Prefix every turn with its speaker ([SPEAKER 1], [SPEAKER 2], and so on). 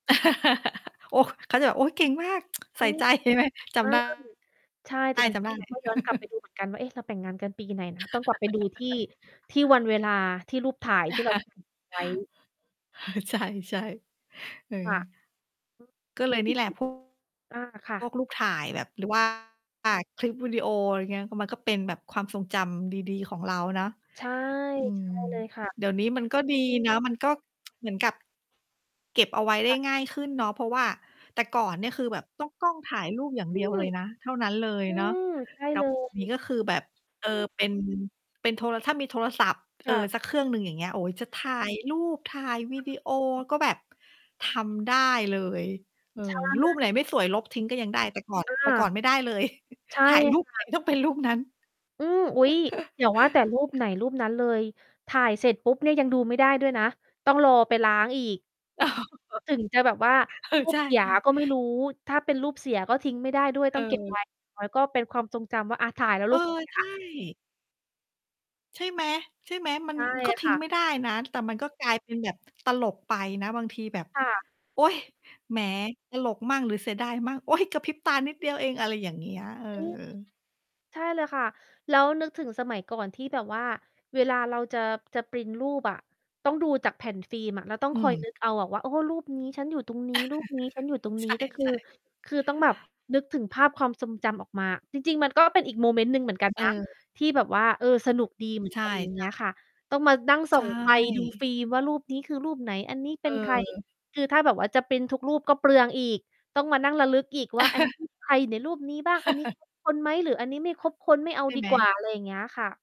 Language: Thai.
[SPEAKER 1] โอ้! เขาจะแบบ โอ้! เก่งมาก ใ
[SPEAKER 2] อ
[SPEAKER 1] ส
[SPEAKER 2] ื
[SPEAKER 1] ่
[SPEAKER 2] ม
[SPEAKER 1] ใจ ใช่ไหม จ
[SPEAKER 2] ใช่
[SPEAKER 1] ำ ได้
[SPEAKER 2] ใช่แต่จริง
[SPEAKER 1] จ
[SPEAKER 2] จ
[SPEAKER 1] ำ
[SPEAKER 2] ร
[SPEAKER 1] ไ
[SPEAKER 2] ิง
[SPEAKER 1] ด้
[SPEAKER 2] เรา ก็ย้อนกลับไปดูเหมือนกัน ว่า เอ๊ะ เราแต่งงานกันปีไหนนะ? ต้องกลับไปดูที่ ที่วันเวลาที่รูปถ่าย ที่เราถ่ายเก็บไว้
[SPEAKER 1] เออ ใช่ ๆ เออ
[SPEAKER 2] ค่ะ [unintelligible]
[SPEAKER 1] ก็เลยนี่แหละ พว
[SPEAKER 2] อา ค่ะ
[SPEAKER 1] ก รูปถ่ายแบบหรือ ว่า คลิปวิดีโอ อะไรอย่างเงี้ย ก็ มันก็เป็นแบบความทรงจำดี ๆ ของเราเนาะ
[SPEAKER 2] ใช่
[SPEAKER 1] อื
[SPEAKER 2] ใช
[SPEAKER 1] ม
[SPEAKER 2] ่เลยค่ะ
[SPEAKER 1] เดี๋ยวนี้มันก็ดีนะ มันก็ เหมือนกับเก็บเอาไว้ได
[SPEAKER 2] ค
[SPEAKER 1] ้
[SPEAKER 2] ่ะ
[SPEAKER 1] ง่ายขึ้นเนาะ เพราะว่าแต่ก่อนเนี่ย คือแบบต้องกล้องถ่ายรูปอย่าง
[SPEAKER 2] อ
[SPEAKER 1] เ
[SPEAKER 2] ื
[SPEAKER 1] ดียว
[SPEAKER 2] ม
[SPEAKER 1] เลยนะ เท่านั้นเลย
[SPEAKER 2] อื
[SPEAKER 1] เนาะ
[SPEAKER 2] ม ใช่
[SPEAKER 1] แต่
[SPEAKER 2] เล
[SPEAKER 1] เดี๋ยว นี้
[SPEAKER 2] ย
[SPEAKER 1] ก็คือแบบ เออ เป็น เป็นโทร ถ้ามีโทรศัพท์ เอ
[SPEAKER 2] ค
[SPEAKER 1] ่
[SPEAKER 2] ่
[SPEAKER 1] อ
[SPEAKER 2] ะ
[SPEAKER 1] สักเครื่องหนึ่ง อย่างเงี้ย โอ๊ย จะถ่า
[SPEAKER 2] อื
[SPEAKER 1] ย
[SPEAKER 2] ม
[SPEAKER 1] รูป ถ่ายวี
[SPEAKER 2] ค่
[SPEAKER 1] ดี
[SPEAKER 2] ะ
[SPEAKER 1] โอก็แบบทำได้เลย เออ
[SPEAKER 2] ใช
[SPEAKER 1] รูปไ
[SPEAKER 2] ่
[SPEAKER 1] หนไม่สวยลบทิ้ง ก็ยังได้ แต่ก่อน
[SPEAKER 2] อ
[SPEAKER 1] แต่ก่อ
[SPEAKER 2] า
[SPEAKER 1] นไม่ได้เลย
[SPEAKER 2] ใช่
[SPEAKER 1] ถ่ายรู
[SPEAKER 2] ค
[SPEAKER 1] ป ไห
[SPEAKER 2] ่
[SPEAKER 1] น
[SPEAKER 2] ะ
[SPEAKER 1] ต้องเป็นรูปนั้น
[SPEAKER 2] อืม อุ๊ย! อย่าว่าแต่รูปไหนรูปนั้นเลย ถ่ายเสร็จปุ๊บเนี่ย ยังดูไม่ได้ด้วยนะ ต้องรอไปล้างอีก ถึงจะแบบว่า
[SPEAKER 1] เอ
[SPEAKER 2] ร
[SPEAKER 1] อ
[SPEAKER 2] ู
[SPEAKER 1] ใ
[SPEAKER 2] ป
[SPEAKER 1] ช
[SPEAKER 2] เสีย
[SPEAKER 1] ่
[SPEAKER 2] ก็ไม่
[SPEAKER 1] ๆ
[SPEAKER 2] รู้ ถ้าเป็นรูปเสียก็ทิ้งไม่ได้ด้วย ต
[SPEAKER 1] เ
[SPEAKER 2] ้องเก็บ
[SPEAKER 1] ออ
[SPEAKER 2] ไว้ ไว้ ก็เป็นความทรงจำว่า อะ ถ่ายแล้ว
[SPEAKER 1] เอ
[SPEAKER 2] รู
[SPEAKER 1] อ
[SPEAKER 2] ปเสีย
[SPEAKER 1] ใช่ ใช่ไหม ใช่ไหม มั
[SPEAKER 2] ใ
[SPEAKER 1] น
[SPEAKER 2] ช่
[SPEAKER 1] ก็ท
[SPEAKER 2] ค
[SPEAKER 1] ิ้
[SPEAKER 2] ่
[SPEAKER 1] ง
[SPEAKER 2] ะ
[SPEAKER 1] ไม่ได้นะ แต่มันก็กลายเป็นแบบตลกไปนะ บางทีแบบ
[SPEAKER 2] ค่ะ
[SPEAKER 1] โอ๊ย! แหม ตลกมั่งหรือเสียดายมั่ง โอ๊ย! กระพริบตานิดเดียวเอง อะไรอย่างเงี้ย เออ
[SPEAKER 2] อืม ใช่เลยค่ะ แล้วนึกถึงสมัยก่อนที่แบบว่าเวลาเราจะ จะพรินต์รูปอะต้องดูจากแผ่นฟิล์มอะ แล้วต้อง
[SPEAKER 1] อื
[SPEAKER 2] คอย
[SPEAKER 1] ม
[SPEAKER 2] นึก เอาอะว่า โอ้ รูปนี้ฉันอยู่ตรงนี้ รูปนี้ฉันอยู่ตรง
[SPEAKER 1] ใ
[SPEAKER 2] นี้ก็ คือ
[SPEAKER 1] ช่ ๆ
[SPEAKER 2] คือต้องแบบนึกถึงภาพความทรงจำออกมาอะ จริง ๆ มันก็เป็นอีกโมเมนต์หนึ่งเหมือนกัน
[SPEAKER 1] เ
[SPEAKER 2] นะ
[SPEAKER 1] ออ
[SPEAKER 2] ที่แบบว่า เออ สนุกดี เหมือน
[SPEAKER 1] ใช่
[SPEAKER 2] กัน อย่างเ
[SPEAKER 1] ใ
[SPEAKER 2] ง
[SPEAKER 1] ช
[SPEAKER 2] ี้ยค
[SPEAKER 1] ่
[SPEAKER 2] ่ะ ต้องมานั่งส
[SPEAKER 1] ใ
[SPEAKER 2] ่
[SPEAKER 1] ช
[SPEAKER 2] องไฟดูฟ
[SPEAKER 1] ่
[SPEAKER 2] ิล์มว่ารูปนี้ คือรูปไหน? อันนี้เป็นใคร?
[SPEAKER 1] เออ
[SPEAKER 2] คือถ้าแบบว่าจะพรินต์ทุกรูปก็เปลืองอีก ต้องมานั่งระลึกอีกว่า อันนี้ ใครอยู่ในรูปนี้บ้าง? อันนี้ ครบคน ไหม? หรืออันนี้ไม่ครบคนไม่เอา
[SPEAKER 1] ใช่
[SPEAKER 2] ดี
[SPEAKER 1] ไห
[SPEAKER 2] กว
[SPEAKER 1] ม
[SPEAKER 2] ่า อะไรอย่างเงี้ยค่ะ